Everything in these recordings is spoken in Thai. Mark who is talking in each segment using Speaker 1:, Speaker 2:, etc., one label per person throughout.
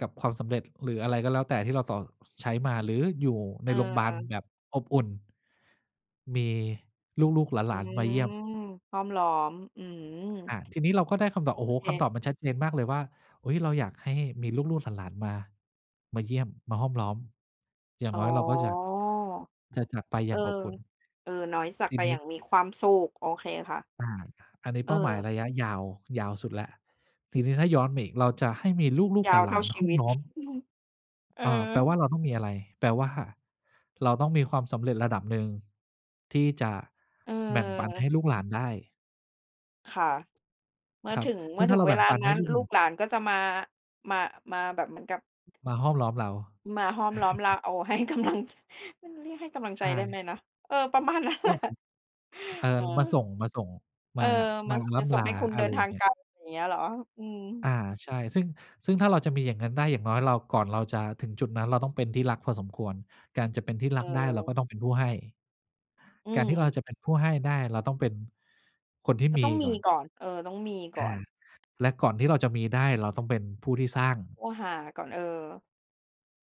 Speaker 1: กับความสำเร็จ หรืออะไรก็แล้วแต่ ที่เราต่อ ใช้มา หรืออยู่ใ
Speaker 2: เ
Speaker 1: นโรงบาล
Speaker 2: ออ
Speaker 1: แบบอบอุ่น มีลูก ๆ ห
Speaker 2: อื
Speaker 1: ลาน ๆ มา
Speaker 2: ม
Speaker 1: เยี่ยม
Speaker 2: ห้อมล้อม อือ
Speaker 1: อา ทีนี้เราก็ได้คำต
Speaker 2: โ
Speaker 1: อ
Speaker 2: อ
Speaker 1: บ โอ้โฮ
Speaker 2: เค
Speaker 1: คำตอบมันชัดเจนมากเลยว่า เอ๊ย เราอยากให้มีลูก ๆ หลาน ๆ มา มาเยี่ยม มาห้อมล้อม อย่าง
Speaker 2: อ๋อ
Speaker 1: น้อยเราก็จะ จะจากกลับไปอ
Speaker 2: เ
Speaker 1: ย
Speaker 2: อ
Speaker 1: ่
Speaker 2: อ
Speaker 1: างอบอุ่น
Speaker 2: เออ น้อยสั
Speaker 1: จ ท
Speaker 2: ก
Speaker 1: ี
Speaker 2: ไป
Speaker 1: น
Speaker 2: อ
Speaker 1: ี
Speaker 2: ย
Speaker 1: ้
Speaker 2: ่างมีความสุข โอเคค่ะ
Speaker 1: อา อันนี้เป้าหมาย
Speaker 2: เออ
Speaker 1: ระยะยาว ยาวสุดแล้ว ทีนี้ถ้าย้อนมาอีก เราจะให้มีลูก
Speaker 2: ย
Speaker 1: ๆ
Speaker 2: าวเ
Speaker 1: ห
Speaker 2: ท
Speaker 1: ล
Speaker 2: ่
Speaker 1: า
Speaker 2: า
Speaker 1: น
Speaker 2: ช
Speaker 1: ๆ ห
Speaker 2: ี
Speaker 1: ้อ
Speaker 2: ว
Speaker 1: ม
Speaker 2: ิต
Speaker 1: ล้อม
Speaker 2: เอ
Speaker 1: เอ่อ แ
Speaker 2: อ
Speaker 1: ปลว่าเราต้องมีอะไร แปลว่าเราต้องมีความสำเร็จระดับหนึ่งที่จะ
Speaker 2: เ
Speaker 1: แบ่งปันให
Speaker 2: ออ
Speaker 1: ้ลูกหลานได้
Speaker 2: ค่ะ เมื่
Speaker 1: ค
Speaker 2: อ
Speaker 1: รับ
Speaker 2: ถึง เ
Speaker 1: ซ
Speaker 2: ม
Speaker 1: ึ
Speaker 2: ื
Speaker 1: ่
Speaker 2: ่อ
Speaker 1: งถ้
Speaker 2: ถ
Speaker 1: า
Speaker 2: ึ
Speaker 1: เ
Speaker 2: ง
Speaker 1: รา
Speaker 2: เ
Speaker 1: แ
Speaker 2: ว
Speaker 1: บ่ง
Speaker 2: ลา
Speaker 1: ปัน
Speaker 2: น
Speaker 1: ใ
Speaker 2: ั
Speaker 1: ห
Speaker 2: ้
Speaker 1: ้
Speaker 2: น
Speaker 1: ลูกห
Speaker 2: ล
Speaker 1: ล
Speaker 2: ู
Speaker 1: าน
Speaker 2: กหลานก็จะมา มา มาแบบเหมือนกับ
Speaker 1: มาห้อมล้อมเรา
Speaker 2: มาห้อมล้อมเรา โอ้ ให้กำลัง จ มันเรียกให้กำลัง
Speaker 1: ใช
Speaker 2: ใจได้ไ
Speaker 1: ่
Speaker 2: หมนะ เออ ประมาณนั้น
Speaker 1: ก
Speaker 2: แหล
Speaker 1: ็ครั
Speaker 2: ะ
Speaker 1: บ เอ่
Speaker 2: เ
Speaker 1: อ มา
Speaker 2: ออ
Speaker 1: ส่ง มาส่ง
Speaker 2: เอ
Speaker 1: ม
Speaker 2: อ
Speaker 1: า
Speaker 2: ม
Speaker 1: ม
Speaker 2: า
Speaker 1: า
Speaker 2: ส
Speaker 1: ร
Speaker 2: ม
Speaker 1: ่
Speaker 2: าส
Speaker 1: ำ
Speaker 2: ่
Speaker 1: ล
Speaker 2: งใ
Speaker 1: า
Speaker 2: ห้คุณ
Speaker 1: อ
Speaker 2: เ
Speaker 1: ะ
Speaker 2: ดิ
Speaker 1: ไร
Speaker 2: น
Speaker 1: อ
Speaker 2: ท
Speaker 1: ย่
Speaker 2: า
Speaker 1: าง
Speaker 2: ง
Speaker 1: เงี
Speaker 2: ไ
Speaker 1: ้
Speaker 2: ก
Speaker 1: ย
Speaker 2: ล อย่างเงี้ยเหรอ? อืม
Speaker 1: อา ใช่ ซึ่ง ซึ่งถ้าเราจะมีอย่างนั้นได้ อย่างน้อยเรา ก่อนเราจะถึงจุดนั้น เราต้องเป็นที่รักพอสมควร การจะเป็นที่ร
Speaker 2: เ
Speaker 1: ักได้เรา
Speaker 2: ออ
Speaker 1: ก็ต้องเป็นผู้ให้
Speaker 2: อื
Speaker 1: การที
Speaker 2: ม
Speaker 1: ่เราจะเป็นผู้ให้ได้ เราต้องเป็นคนที่
Speaker 2: จะ
Speaker 1: มี
Speaker 2: ต้องม
Speaker 1: ก่
Speaker 2: ี
Speaker 1: อน
Speaker 2: ก่อน เออ ต้องมีก
Speaker 1: อ
Speaker 2: ่
Speaker 1: า
Speaker 2: อน
Speaker 1: และก่อนที่เราจะมีได้ เราต้องเป็นผู้ที่สร้าง
Speaker 2: โอ้ หาก่อน เออ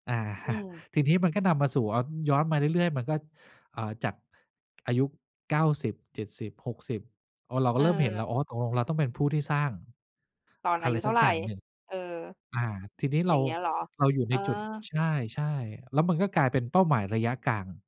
Speaker 1: อา
Speaker 2: อื
Speaker 1: ท
Speaker 2: ม
Speaker 1: ีนี้มันก็นำมาสู่ อ ย้อนมาเรื่อย ๆ มันก็ อ่า จาก อายุ 90 70 60 อ๋อ เราก็เริ่มเห็นแล้
Speaker 2: เออ
Speaker 1: ว อ้อ ตกลงเราต้องเป็นผู้ที่สร้าง
Speaker 2: ตอน
Speaker 1: อ
Speaker 2: อ
Speaker 1: ะ
Speaker 2: า
Speaker 1: ไ
Speaker 2: ย
Speaker 1: ร
Speaker 2: ุเท
Speaker 1: ส
Speaker 2: ่
Speaker 1: ั
Speaker 2: า
Speaker 1: ก
Speaker 2: ไร?
Speaker 1: อย่างหนึ่ง
Speaker 2: เออ
Speaker 1: อา ทีนี้
Speaker 2: อ
Speaker 1: เ
Speaker 2: ย
Speaker 1: ร
Speaker 2: ่า
Speaker 1: า
Speaker 2: งเงี้ยเหรอ?
Speaker 1: เราอยู่
Speaker 2: เอ
Speaker 1: ใน
Speaker 2: อ
Speaker 1: จุด ใช่ ๆ แล้วมันก็กลายเป็นเป้าหมายระยะกลาง